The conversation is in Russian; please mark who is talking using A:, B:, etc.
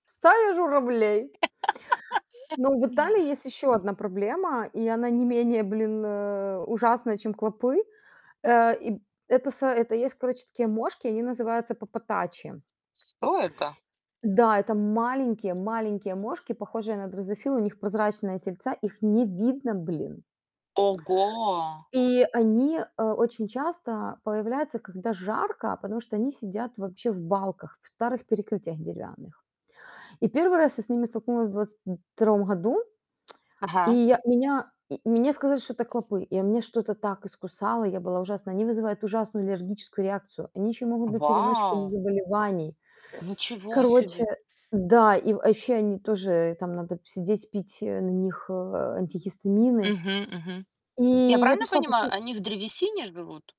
A: Стая журавлей. Но в Италии есть ещё 1 проблема, и она не менее, блин, э, ужасная, чем клопы. Э, и б это са это есть, короче, такие мошки, они называются паппатачи.
B: С кто это?
A: Да, это маленькие-маленькие мошки, похожие на дрозофил, у них прозрачные тельца, их не видно, блин.
B: Ого!
A: И они, э, очень часто появляются, когда жарко, потому что они сидят вообще в балках, в старых перекрытиях деревянных. И 1 раз я с ними столкнулась в 22 году, и
B: Ага.
A: я меня м мне сказали, что это клопы, и у меня что-то так искусало, и я была ужасна. Они вызывают ужасную аллергическую реакцию, они ещё и могут быть переносчиками
B: Вау!
A: заболеваний.
B: Ничего
A: Короче,
B: себе.
A: да, и, э, вообще они тоже там надо сидеть, пить, э, на них, э, антигистамины.
B: Мгм мгм.
A: И
B: Я
A: я
B: правильно
A: пришла
B: понимаю,
A: проси
B: они в древесине живут?